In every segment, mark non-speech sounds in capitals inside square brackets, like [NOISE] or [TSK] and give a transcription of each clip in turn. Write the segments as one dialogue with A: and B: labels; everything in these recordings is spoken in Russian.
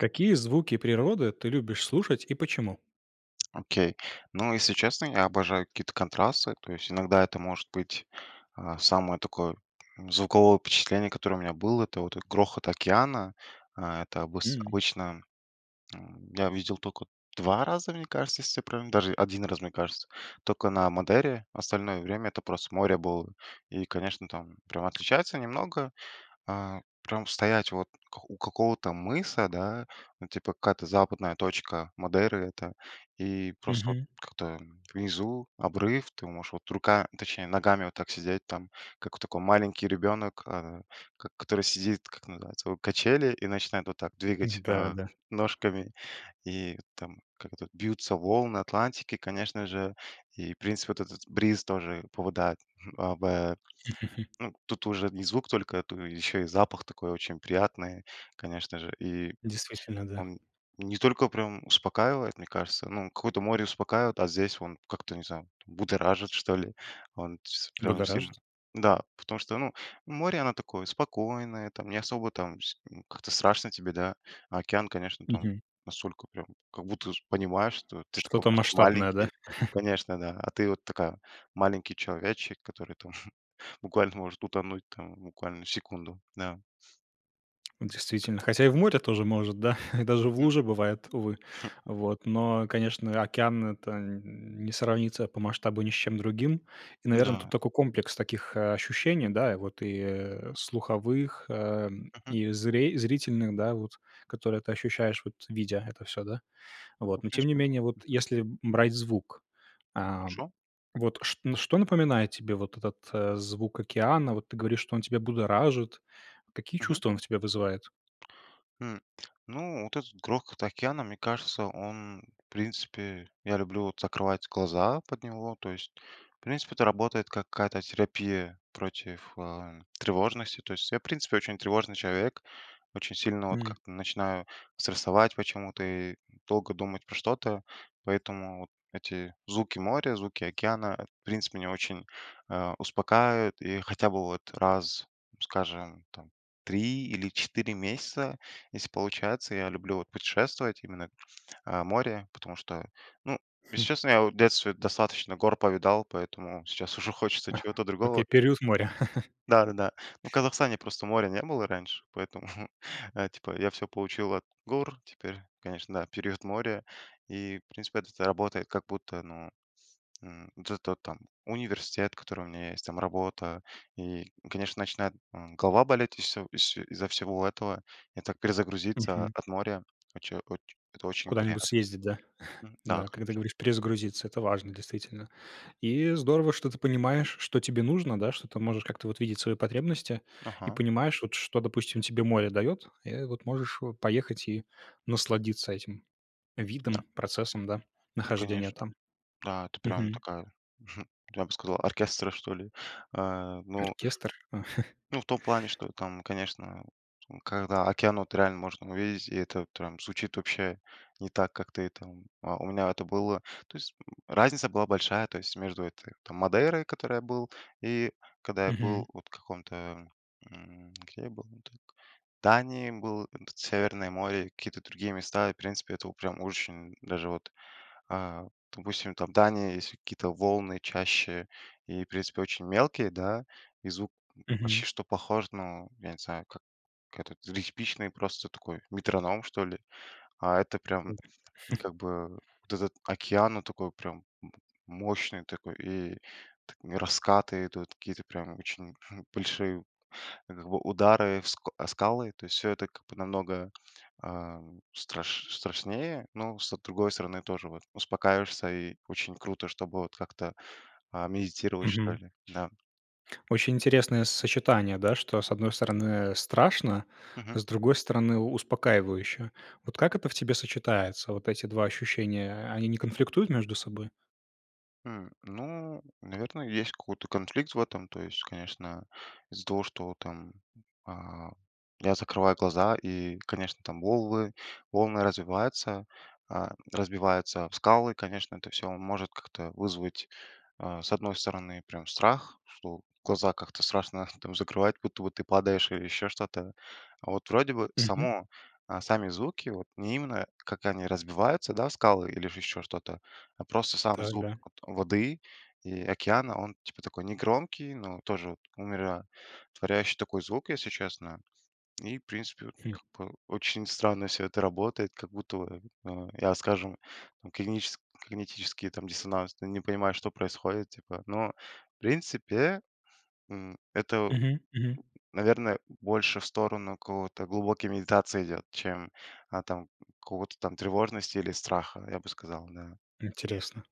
A: Какие звуки природы ты любишь слушать и почему?
B: Окей, ну, если честно, я обожаю какие-то контрасты, то есть иногда это может быть А, самое такое звуковое впечатление, которое у меня было- это вот грохот океана. А, это обыс
A: М.
B: обычно, а, я видел тока 2 раза, мне кажется, если я правильно даже 1 раз, мне кажется, только на Мадейре. Остальное время- это просто море было, и, конечно, там прямо отличается немного. А, прям стоять вот к у какого-то мыса, да, ну типа, какая-то западная точка Мадейры это, и просто вот
A: Мгм.
B: как-то внизу обрыв, ты можешь вот рука, точнее ногами вот так сидеть там, как от такой маленький ребенок, а, ко который сидит, как оно называется, о, качели и начинает вот так
A: [CHUCKLES]
B: двигать,
A: Да,
B: а,
A: да.
B: ножками. И там, как это, бьются волны Атлантики, конечно же. И, в принципе, вот этот бриз тоже попадает, м, а, ба
A: [GIGGLES]
B: Ну, тут уже не звук только, тут еще и запах такой очень приятный, конечно же. И
A: Действительно, да.
B: он не только прям успокаивает, мне кажется. Ну, какое-то море успокаивает, а здесь он как-то, не знаю, будоражит, что ли. Он тс прям сильно,
A: Будоражит?
B: да, потому что, ну, море, оно такое спокойное там, не особо там с как-то страшно тебе, да, а океан, конечно, там
A: Мгм.
B: настолько прям, как будто з понимаешь, что ты такой
A: Что-то
B: просто
A: масштабное, да?
B: маленький.
A: [CHUCKLES]
B: Конечно, да, а ты вот такая маленький человечек, который там [CHUCKLES] буквально может утонуть там в буквально в секунду. Да.
A: Действительно, хотя и в море тоже может, да, [CHUCKLES] даже в
B: Мгм.
A: луже бывает, увы.
B: [CHUCKLES]
A: Вот, но, конечно, океан- это н не сравнится по масштабу ни с чем другим. И, наверно,
B: Да.
A: тут такой комплекс таких, э, ощущений, да, и вот, э, слуховых, э,
B: Мгм.
A: и зри зрительных, да, вот, которые ты ощущаешь, вот видя это всё, да.
B: Ну,
A: Вот, но, тем не
B: конечно, да.
A: менее, вот
B: Мгм.
A: если брать звук,
B: О
A: а,
B: чём?
A: вот чт что напоминает тебе вот этот, э, звук океана? Вот ты говоришь, что он тебя будоражит, какие
B: Мгм.
A: чувства он у тебя вызывает?
B: М, ну вот этот грохот океана, мне кажется, он, в принципе я люблю вот закрывать глаза под него, то есть, в принципе, это работает как какая-то терапия против, э, тревожности. То есть я, в принципе, очень тревожный человек, очень сильно вот
A: М.
B: как-то начинаю стрессовать почему-то и, долго думать про что-то, поэтому вот эти звуки моря, звуки океана, э, в принципе, меня очень, а, успокаивают, и хотя бы вот раз, скажем там, 3 или 4 месяца, если получается, я люблю вот путешествовать именно, а, море, потому что, ну,
A: Хм.
B: если честно, я вот в детстве достаточно гор повидал, поэтому сейчас уже хочется чего-то другого. Мгм.
A: Окей, период моря. [CHUCKLES]
B: Да-да-да. Ну, в Казахстане просто моря не было раньше, поэтому, [CHUCKLES] э, типа я всё получил от гор, теперь, конечно, да, период моря. И, в принципе, вот это работает как будто, ну, н вот это вот там университет, который у меня есть, там работа и, конечно, начинает, м, голова болеть ис ис из-за всего этого. И так перезагрузиться
A: Мгм.
B: от моря, оче оч- это очень
A: Куда-нибудь
B: приятно.
A: съездить, да? [CHUCKLES]
B: М. Да,
A: Да, как ты
B: конечно.
A: говоришь, перезагрузиться. Это важно, действительно. И здорово, что ты понимаешь, что тебе нужно, да, что ты можешь как-то вот видеть свои потребности и
B: Ага.
A: понимаешь вот, что, допустим, тебе море дает. И вот можешь, э, поехать и насладиться этим
B: Да.
A: видом, процессом, да,
B: Ну
A: нахождения
B: конечно.
A: там.
B: Да, это прям
A: Мгм.
B: такая, [CHUCKLES] я бы сказал, оркестра что ли. А, ну
A: Оркестр, а. [CHUCKLES]
B: ну в том плане, что там, конечно, там, когда океан вот реально можно увидеть, и это вот прям звучит вообще не так как ты там а у меня это было то есть, м, разница была большая, то есть между этой там Мадейрой, в которой я был, и когда я был
A: Мгм.
B: вот в каком-то, м где я был не так в Дании был, п Северное море, какие-то другие места. И, в принципе, это вот прям очень даже вот, а, допустим, там Дания есть какие-то волны чаще и, в принципе, очень мелкие, да, и звук п
A: Мгм.
B: почти что похож, ну, я не знаю, как этот, э, типичный просто такой метроном что ли. А это прям
A: [UNINTELLIGIBLE] [CHUCKLES]
B: как бы вот этот океан, он такой прям м мощный такой и т раскаты идут какие-то прямо очень большие как бы удары в с о скалы, то есть всё это как бы намного, а, страш страшнее. Но, с другой стороны, тоже вот успокаиваешься и очень круто, чтобы вот как-то, а, медитировать что
A: Мгм.
B: ли, да.
A: Очень интересное сочетание, да, что, с одной стороны, страшно, а
B: Мгм.
A: с другой стороны, успокаивающе. Вот как это в тебе сочетается, вот эти 2 ощущения, они не конфликтуют между собой?
B: М, ну, наверное, есть какой-то конфликт в этом, то есть, конечно, из-за того, что там, а, я закрываю глаза и конечно там волы волны развиваются, а, разбиваются об скалы, конечно, это всё может как-то вызвать, а, с одной стороны прям страх, что глаза как-то страшно там закрывать, будто бы ты падаешь или еще что-то. А вот вроде бы
A: Мгм.
B: само, а, сами звуки вот, не именно как они разбиваются, да скалы или же еще что-то, а просто сам
A: Так,
B: звук
A: да.
B: вот воды и океана он типа такой негромкий, но тоже умиро творяющий такой звук, если честно. И, в принципе, вот
A: Хм.
B: как бы очень странно всё это работает, как будто в а, я, скажем, когнитичес когнитический там диссонанс, но не понимаю что происходит, типа. Но, в принципе, м, это,
A: Мгм мгм.
B: наверное, больше в сторону какого-то глубокой медитации идет, чем, а, там какого-то там тревожности или страха я бы сказал, да.
A: М, интересно.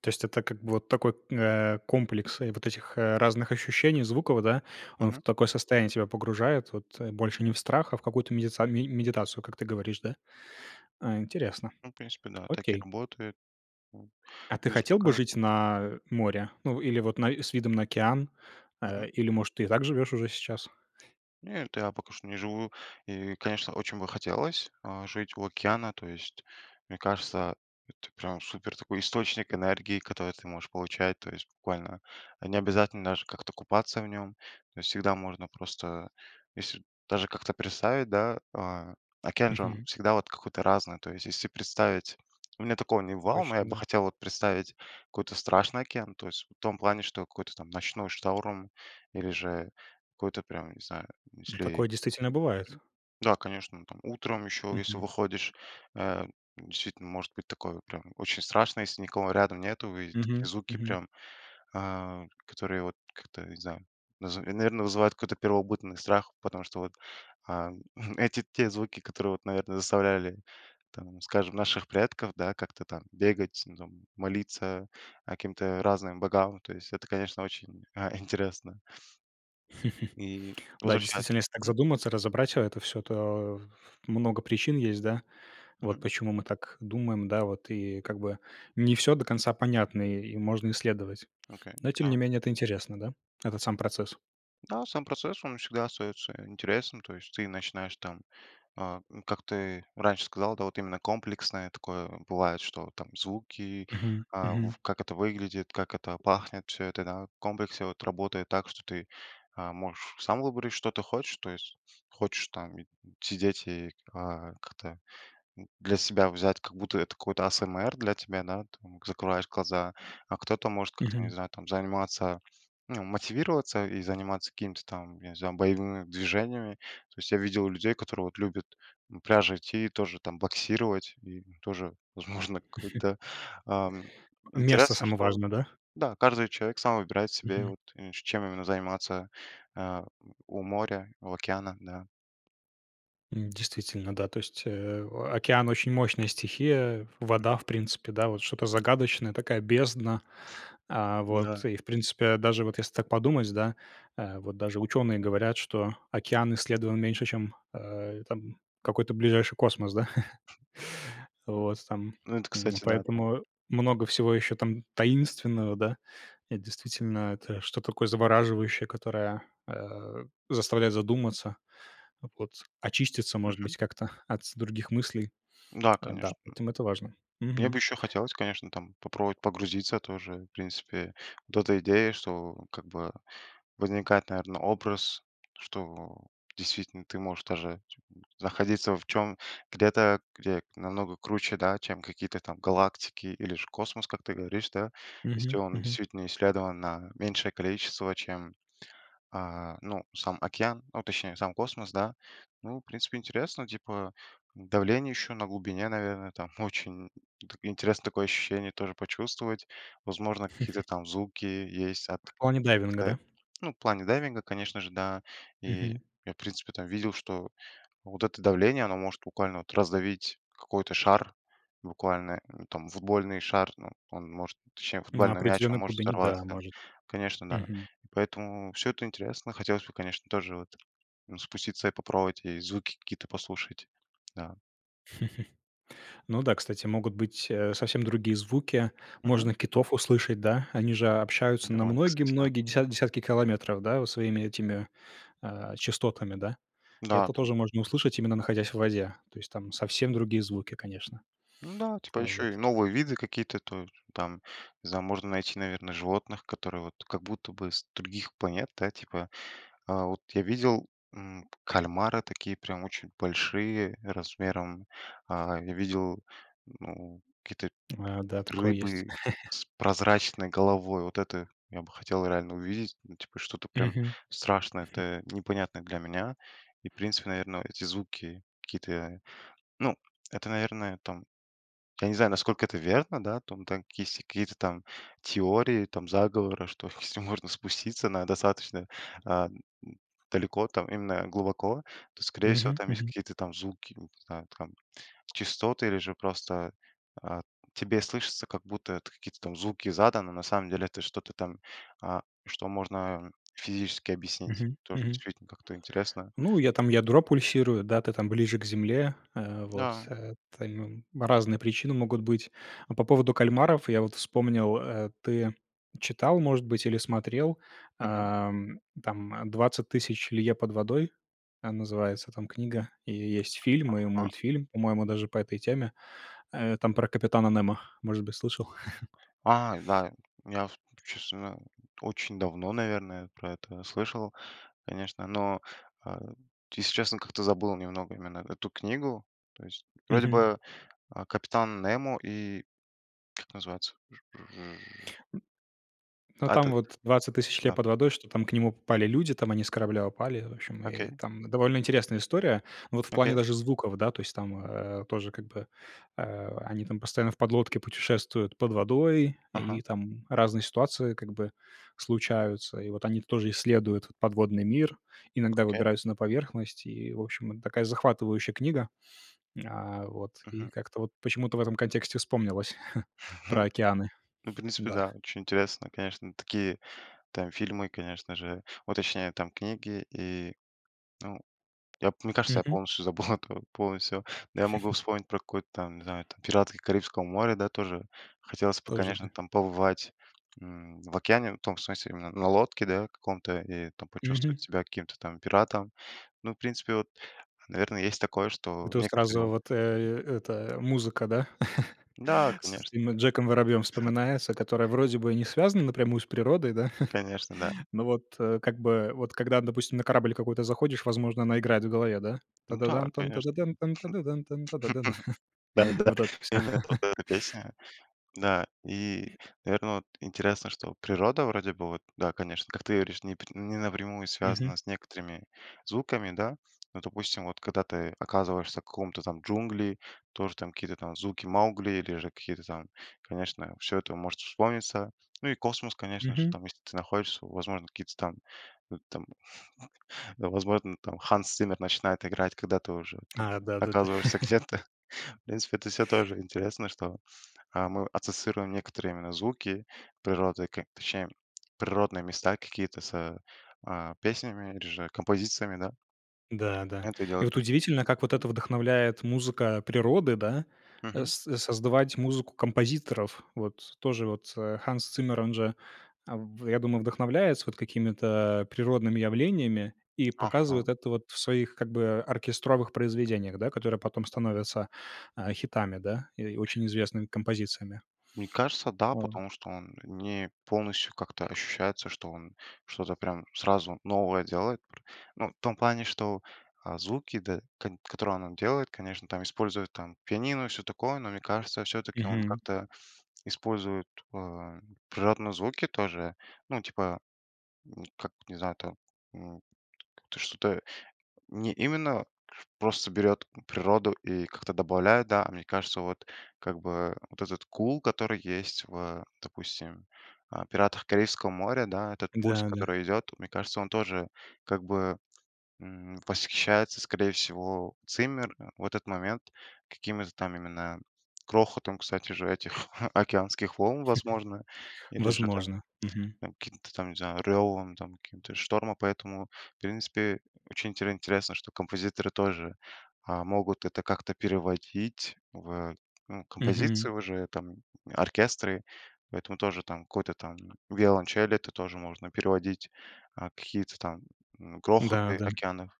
A: То есть, это как бы вот такой, э, комплекс и вот этих разных ощущений звуков, да? Он в
B: Мгм.
A: такое состояние тебя погружает вот, больше не в страх, а в какую-то медица ме медитацию, как ты говоришь, да? А, интересно,
B: Ну, в принципе, да, так и
A: окей.
B: работает, м,
A: А ты
B: и
A: хотел бы
B: успокаива
A: жить на море? Ну, или вот на с видом на океан? А,
B: Мгм.
A: или, может, ты и так живешь уже сейчас?
B: Нет. Я пока что не живу. И конечно, очень бы хотелось, а, жить у океана, то есть мне кажется, это прям супер такой источник энергии, который ты можешь получать то есть буквально. Не обязательно даже как-то купаться в нем. То есть всегда можно просто если, даже как-то представить, да, а, океан же он
A: Мгм.
B: всегда какой-то разный, то есть если представить, у меня такого не бывало, но я
A: Точно,
B: бы
A: да.
B: хотел вот представить какой-то страшный океан, то есть в том плане, какой-то ночной шторм, или же какой-то прям не знаю,
A: Вот
B: если
A: такое действительно бывает.
B: Да, конечно, там утром еще если
A: Мгм.
B: выходишь, а, действительно, может быть такое прям очень страшное, если никого рядом нету и такие
A: Мгм.
B: звуки
A: Мгм.
B: прям, а, которые вот как-то не знаю, наз наверное, вызывают какой-то первобытный страх, потому что вот, а, [CHUCKLES] эти те звуки, которые, вот, наверное, заставляли, там скажем наших предков, да, как-то там бегать, там молиться каким-то разным богам, то есть. Это, конечно, очень, а, [CHUCKLES] интересно.
A: [CHUCKLES]
B: И
A: Да,
B: возвращаюсь
A: действительно, если так
B: Мгм.
A: задуматься, разобрать это всё, то ф много причин есть, да, вот,
B: Мгм.
A: почему мы так думаем, да, вот, и как бы не всё до конца понятно, и можно исследовать.
B: Окей,
A: Но, тем
B: да
A: не менее, это интересно, да, этот сам процесс.
B: Да, сам процесс, он всегда остается интересным. То есть ты начинаешь там, а, ну, как ты раньше сказал, да, вот именно комплексное такое бывает, что там звуки,
A: Мгм,
B: а в
A: мгм.
B: как это выглядит, как это пахнет, всё это, да, в комплексе, вот, работает так, что ты, а, можешь сам выбрать, что ты хочешь. То есть хочешь там и сидеть, и, а, как-то, м, для себя взять, как будто это какой-то АСМР для тебя, да, там закрываешь глаза. А кто-то может как-то, не
A: Мгм.
B: знаю, там заниматься, ну, мотивироваться и заниматься какими-то там, я не знаю, боевыми движениями. То есть я видел людей, которые вот любят к пляжу идти и тоже там боксировать. И тоже, возможно,
A: [CHUCKLES]
B: какой-то, а
A: Место
B: Интересно,
A: само
B: что,
A: важно, да?
B: да, каждый человек сам выбирает себе,
A: Мгм.
B: вот, и чем именно заниматься, а, у моря, у океана, да.
A: М, действительно, да. То есть, э, океан- очень мощная стихия. Вода,
B: Мгм.
A: в принципе, да, вот что-то загадочное, такая бездна. А,
B: Да.
A: вот, и, в принципе, даже вот если так подумать, да, а, вот даже ученые говорят, что океан исследован меньше, чем, а, там, какой-то ближайший космос, да. [CHUCKLES] Вот, там.
B: Ну, это,
A: М,
B: кстати, да, так.
A: поэтому много всего еще там таинственного, да. Это действительно, это что-то такое завораживающее, которое, а, заставляет задуматься, вот, очиститься, может
B: Мгм.
A: быть, как-то от с других мыслей.
B: Да,
A: [TSK] А, да,
B: конечно.
A: поэтому это важно.
B: Мне
A: Мгм.
B: бы еще хотелось, конечно, там попробовать погрузиться тоже, в принципе. Вот эта идея, что, как бы возникает, наверно, образ. Что действительно ты можешь даже находиться в чём где-то, где намного круче, да, чем какие-то там галактики или же космос, как ты говоришь, да. Если
A: Мгм,
B: он
A: мгм.
B: действительно исследован на меньшее количество, чем, а, ну сам океан, ну точнее сам космос, да. Ну, в принципе интересно, типа, давление еще на глубине, наверно, там. Очень так интересно такое ощущение тоже почувствовать. Возможно, какие-то там звуки есть
A: [CHUCKLES]
B: от,
A: В плане дайвинга,
B: как-то,
A: да?
B: ну в плане дайвинга, конечно же, да. И
A: Мгм.
B: я, в принципе, там видел, что вот это давление, оно может буквально вот раздавить какой-то шар, буквально, ну, там, футбольный шар, ну он может, точнее
A: На
B: футбольный мяч, он
A: определенной
B: может
A: глубине, да,
B: взорваться.
A: может.
B: Конечно, да.
A: Мгм.
B: И поэтому всё это интересно. Хотелось бы, конечно, тоже вот, ну, спуститься и попробовать, и звуки какие-то послушать, да.
A: [CHUCKLES] Ну да, кстати, могут быть, э, совсем другие звуки.
B: Мгм.
A: Можно китов услышать, да? Они же о
B: Ну
A: общаются на
B: давай,
A: многие,
B: кстати, да.
A: многие десятки десятки километров, да, вот своими этими, а, частотами, да.
B: Да,
A: Это
B: там
A: тоже можно
B: Мгм.
A: услышать, именно находясь в воде. То есть, там совсем другие звуки, конечно.
B: Ну да, типа
A: А
B: еще и
A: вот.
B: новые виды какие-то, то есть там, не знаю, можно найти, наверно, животных, которые вот как будто бы с других планет, да, типа. А вот я видел, м, п кальмары такие прям очень большие размером. А, я видел, ну, какие-то
A: А, да, такое есть.
B: рыбы
A: [CHUCKLES]
B: с прозрачной головой. Вот это я бы хотел реально увидеть. Ну, типа, что-то прям
A: Мгм.
B: страшное,
A: [CHUCKLES]
B: это непонятное для меня и, в принципе, наверно, эти звуки какие-то. Ну, это, наверно, там, я не знаю, насколько это верно, да. Там там если есть такие какие-то там теории там заговора, что если можно спуститься на достаточно, а, м, далеко, там именно глубоко, то, скорее всего,
A: Мгм,
B: там есть
A: мгм.
B: какие-то там звуки, ну не знаю там, частоты или же просто, а, тебе слышится, как будто это какие-то там звуки из ада. Ну, на самом деле это что-то там, а, что можно, а, физически объяснить.
A: Мгм,
B: Тоже
A: мгм.
B: действительно как-то интересно.
A: Ну, я там ядро пульсирую, да, ты там ближе к земле. А, вот,
B: Да.
A: а, там разные причины могут быть. А по поводу кальмаров я вот вспомнил, э: ты читал, может быть, или смотрел,
B: Мгм.
A: а, м, там, "Двадцать тысяч лье под водой", а, называется там книга, и есть фильм и
B: А.
A: мультфильм. По-моему, даже по этой теме. Э, там про капитана Немо. Может быть, слышал. [CHUCKLES]
B: Ай, да. Я, всп честно говоря, очень давно, наверное, про это слышал, конечно, но, а, если честно, как-то забыл немного именно эту книгу, то есть. Вроде
A: Мгм.
B: бы, а, капитан Немо и Как называется ж ж
A: Ну,
B: А
A: там
B: этот.
A: вот, "Двадцать тысяч лье
B: Да.
A: под водой", что там к нему попали люди, там они с корабля упали. В общем, и,
B: Окей.
A: там довольно интересная история. Ну вот в плане
B: Окей.
A: даже звуков, да. То есть там, а, тоже, как бы, а, они там постоянно в подлодке путешествуют под водой,
B: Ага.
A: и там разные ситуации, как бы, случаются. И вот они тоже исследуют подводный мир, иногда
B: Окей.
A: выбираются на поверхность, и, в общем, это такая захватывающая книга. А, вот. И
B: Мгм.
A: как-то вот почему-то в этом контексте вспомнилось [CHUCKLES] про
B: [CHUCKLES]
A: океаны.
B: Ну, в
A: [SNIFFS]
B: принципе,
A: Да.
B: да, очень интересно, конечно. Такие там фильмы, конечно же, ну, точнее там, книги и, ну Я б мне кажется, я
A: Мгм.
B: полностью забыл это, [CHUCKLES] полностью. Но я могу вспомнить про какую-то там, не знаю,
A: [GIGGLES]
B: там "Пираты Карибского моря", да, тоже. Хотелось бы,
A: Тоже,
B: конечно,
A: да.
B: там побывать, м, в океане, в том смысле, именно на лодке, да, каком-то, и там почувствовать
A: Мгм.
B: себя каким-то там пиратом. Ну, в принципе, вот, наверно, есть такое,
A: И
B: что
A: тут
B: некоторые
A: сразу
B: вот
A: вот, э, эта музыка, да, [CHUCKLES]
B: Да,
A: с
B: конечно.
A: этим Джеком Воробьем
B: [CHUCKLES]
A: вспоминается, которая, вроде бы, не связана напрямую с природой, да?
B: Конечно, да.
A: [CHUCKLES] Ну вот, э, как бы, вот когда, допустим, на корабль какой-то заходишь, возможно, она играет в голове, да?
B: Ну да,
A: Та-да-да-тан,
B: конечно.
A: та-да-да-тан, та-да-да-тан, та-да-дан.
B: [LAUGHS]
A: [CHUCKLES]
B: Да-да-да.
A: Вот это всё.
B: Именно вот
A: [CHUCKLES]
B: эта песня, да, и, наверно, вот, интересно, что природа вроде бы вот, да, конечно, как ты говоришь, не пр не напрямую
A: Мгм.
B: связана с некоторыми звуками, да. Ну, допустим, вот когда ты оказываешься в каком-то там, джунгли, тоже там какие-то там звуки Маугли или же какие-то там. Конечно, всё это может вспомниться. Ну и космос, конечно же,
A: Мгм.
B: там. Если ты находишься, возможно, какие-то там, э, там, [CHUCKLES] да, возможно, там Ханс Циммер начинает играть, когда ты уже там
A: А! Да-да-да.
B: оказываешься
A: [CHUCKLES]
B: где-то. [CHUCKLES] В принципе, это всё тоже интересно, что, а, мы ассоциируем некоторые именно звуки природы, как точнее природные места какие-то с, а, песнями или же композициями, да.
A: Да, да.
B: Понятное
A: И
B: дело
A: вот
B: тоже.
A: удивительно, как вот это вдохновляет музыка природы, да, э,
B: Мгм.
A: соз создавать музыку композиторов. Вот тоже вот, а, Ханс Циммер- он же, а, в я думаю, вдохновляется вот какими-то, а, природными явлениями и
B: Ага.
A: показывает это, вот, в своих как бы оркестровых произведениях, да, которые потом становятся, а, хитами, да, и очень известными композициями.
B: Мне кажется, да,
A: А.
B: потому что он не полностью как-то ощущается, что он что-то прям сразу новое делает пр Но в том плане, что, а, звуки, да, кот которые он делает, конечно, там используют, там, пианино и всё такое. Но мне кажется, всё-таки он
A: Мгм.
B: как-то использует, а, природные звуки тоже. Ну, типа, ну как, не знаю там, м, это что-то не именно просто берет природу и как-то добавляет, да. А мне кажется, вот как бы вот этот кул, который есть в, допустим, э, "Пиратах Карибского моря", да. Этот пульс,
A: Да-да.
B: который идет, вот мне кажется, он тоже как бы, м, восхищается, скорее всего, Циммер в этот момент какими-то там именно грохотом, кстати, же этих [CHUCKLES] океанских волн, возможно.
A: [CHUCKLES]
B: Или же там,
A: Возможно. Мгм.
B: там каким-то там, не знаю, рёвом, там каким-то штормом. Поэтому, в принципе, очень интер интересно, что композиторы тоже, а, могут это как-то переводить в, ну,
A: Мгм.
B: композиции уже, там, оркестры. Поэтому тоже, там, какой-то там виолончель это тоже можно переводить, а, какие-то там, м,
A: Да,
B: грохоты
A: да.
B: океанов.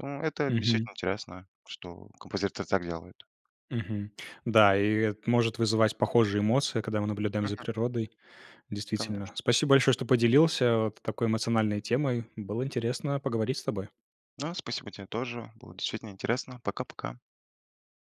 B: Ну, это
A: Мгм.
B: действительно интересно, что композиторы так делают.
A: Мгм. Да, и это может вызывать похожие эмоции, когда мы наблюдаем за
B: Мгм.
A: природой,
B: Конечно.
A: действительно. Спасибо большое, что поделился, а, вот такой эмоциональной темой. Было интересно поговорить с тобой.
B: Да, спасибо тебе тоже, было действительно интересно. Пока-пока.